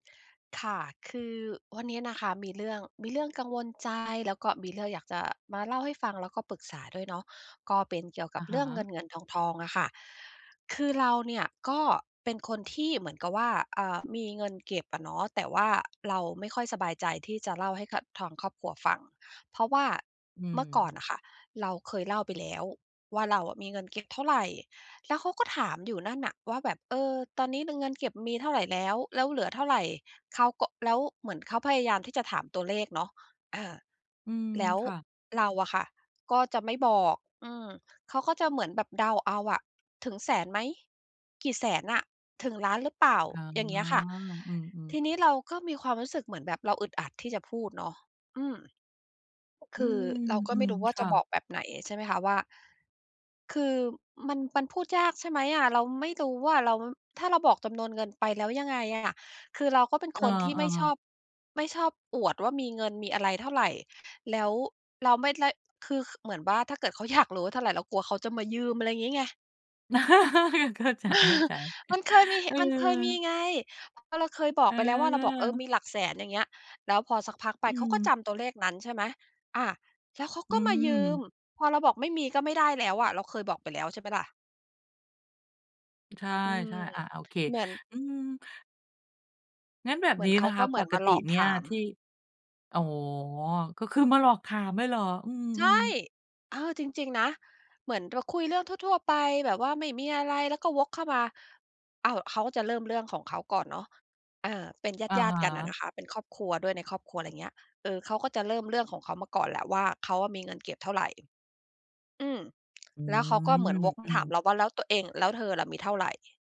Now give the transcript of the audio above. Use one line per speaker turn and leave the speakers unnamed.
ค่ะ คือวันเนี้ยนะคะ มีเรื่อง มีเรื่องกังวลใจ แล้วก็มีเรื่องอยากจะมาเล่าให้ฟัง แล้วก็ปรึกษาด้วยเนาะ ก็เป็นเกี่ยวก
อ
ับ
ะ
เ
ฮ
รื่องเ
ะ
งิน ๆ ทอง ๆ อะค่ะ คือเราเนี่ยก็เป็นคนที่เหมือนกับว่า อ่า มีเงินเก็บอะเนาะ แต่ว่าเราไม่ค่อยสบายใจที่จะเล่าให้กับทางครอบครัวฟัง เพราะว่า
อื
เมื่อก่อ
ม
นน่ะค่ะ เราเคยเล่าไปแล้วว่า เราอะมีเงินเก็บเท่าไร แล้วเขาก็ถามอยู่นั่นน่ะว่า แบบ เออ ตอนนี้ในเงินเก็บมีเท่าไรแล้ว แล้วเหลือเท่าไร? เขาก็ แล้วเหมือนเขาพยายาม ที่จะถามตัวเลขเนาะ อา
อืม
แล้ว
ค่ะ
เราอะค่ะ ก็จะไม่บอก อืม เขาก็จะเหมือนแบบเดาเอาอะ ถึงแสนไหม กี่แสนอะ ถึงล้านหรือเปล่า?
อ๋อ
อย่างเงี้ยค่ะ
อืม
ท
ๆ
ีนี้เราก็มีความรู้สึกเหมือนแบบ เราอึดอัดที่จะพูดเนาะ อืม ค
อื
ือ
ม
เราก็
อื
ไม่
ม
รู้ว่
ค
า จะ
่
บ
ะ
อกแบบไหน ใช่ไหมคะ ว่า คือมัน มันพูดยาก ใช่ไหมอะ เราไม่รู้ว่าเรา ถ้าเราบอกจำนวนเงินไปแล้ว ยังไงอะ คือเราก็เป็น
เอ
ค
อ
นที่ไม่ชอ
ๆ
บ ไม่ชอบอวดว่า มีเงิน มีอะไรเท่าไร แล้วเราไม่ได้ คือเหมือนว่า ถ้าเกิดเขาอยากรู้ว่าเท่าไร เรากลัวเขาจะมายืม อะไรงี้ไง
เข้าใจ เข้าใจ
มันเคยมี
เอ
มันเคยมี
อ
ไง ก็เราเคยบอกไปแล้ว ว่าเราบอก เออ
เออ
มีหลักแสน อย่างเงี้ย แล้วพอสักพักไป
อื
เขาก็จ
ม
ำตัวเลขนั้น ใช่ไหม อา แล้วเขา
อื
ก็มายืม
ม
พอเราบอกไม่มี ก็ไม่ได้แล้วอะ เราเคยบอกไปแล้ว ใช่เปล่าล่ะ
ใช่
อืม
ใช่ อา โอเค
เหมือน
อืม งั้นแบบ
เหมื
นี
อน
้
เข
น
า
ะค
ก็
ะ
เหม
ป
ือน
ก
มา
ต
หล
ิ
อก
เนี่
ถ
ย
าม
ที่ อ๋อ ก็คือมาหลอกถามเลยเหรอ? อื
ใช
ม
่
ๆ
เออ จริง ๆ นะ เหมือนเราคุยเรื่องทั่ว ๆ ไป แบบว่าไม่มีอะไร แล้วก็วกเข้ามา อ้าว เขาจะเริ่มเรื่องของเขาก่อนเนาะ อา เป็น
อะ
ญา
ฮ
ติ ๆ กันน่ะ
ะ
นะคะ เป็นครอบครัวด้วย ในครอบครัว อะไรอย่างเงี้ย เออ เขาก็จะเริ่มเรื่องของเขามาก่อนแหละว่า เขาอะมีเงินเก็บเท่าไร อืม
อื
แล้วเขาก็เหมือน
ม
วกม
อ
า
ื
ถาม
อ
เราว่า แล้วตัวเอง "แล้วเธอล่ะมีเท่าไร?"